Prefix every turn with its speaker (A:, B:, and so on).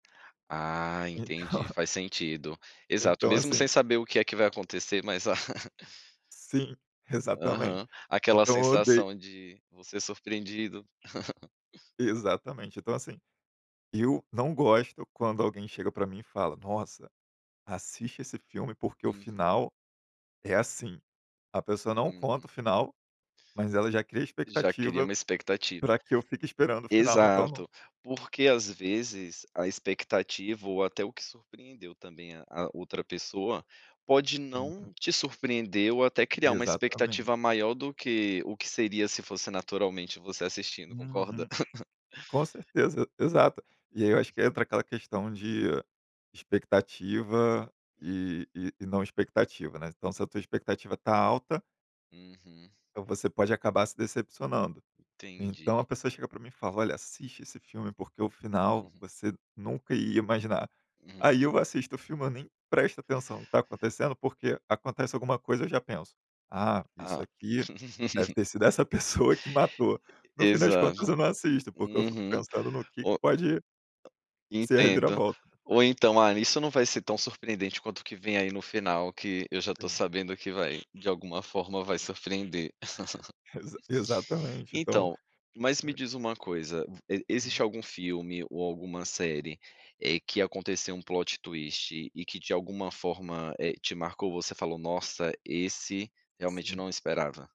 A: Ah,
B: Então.
A: entendi. Faz sentido. Exato,
B: Então,
A: mesmo sem
B: assim
A: saber o que é que vai acontecer, mas a
B: Sim, exatamente.
A: Aham. Aquela
B: Então, eu odeio
A: sensação de você surpreendido.
B: Exatamente! Então assim, eu não gosto quando alguém chega para mim e fala: "Nossa, assiste esse filme porque o
A: Uhum.
B: final é assim". A pessoa não conta o
A: Uhum.
B: final, mas ela já cria
A: Já cria
B: expectativa
A: uma expectativa.
B: para que eu fique esperando o final, então não
A: Exato! Porque, às vezes, a expectativa ou até o que surpreendeu também a a outra pessoa, pode não
B: Então.
A: te surpreender ou até criar uma
B: Exatamente.
A: expectativa maior do que o que seria se fosse naturalmente você assistindo, concorda?
B: Uhum. Com certeza, exato. E aí eu acho que entra aquela questão de expectativa,
A: Hum.
B: e e não expectativa, né? Então, se a tua expectativa tá alta
A: Uhum.
B: então você pode acabar se decepcionando. Então a
A: Entendi.
B: pessoa chega para mim e fala: "Olha, assiste esse filme porque o final você nunca ia imaginar".
A: Uhum.
B: Aí eu assisto o filme, eu nem presto atenção no que está acontecendo, porque acontece alguma coisa eu já penso, ah, isso
A: Ah.
B: aqui deve ter sido essa pessoa que matou.
A: E
B: No
A: e
B: fim das contas
A: exato!
B: eu não assisto, porque eu fico
A: Uhum,
B: pensando no que que
A: o
B: pode ser a
A: Entendo.
B: reviravolta.
A: Ou então, ah, isso não vai ser tão surpreendente quanto o que vem aí no final, que eu já estou
B: Sim.
A: sabendo que vai de alguma forma vai surpreender.
B: Exa exatamente! Então.
A: Então, mas me
B: É.
A: diz uma coisa, existe
B: Hum.
A: algum filme ou alguma série, eh, que aconteceu um plot twist e que, de alguma forma, eh, te marcou? Você falou: "Nossa, esse realmente eu
B: Sim.
A: não esperava".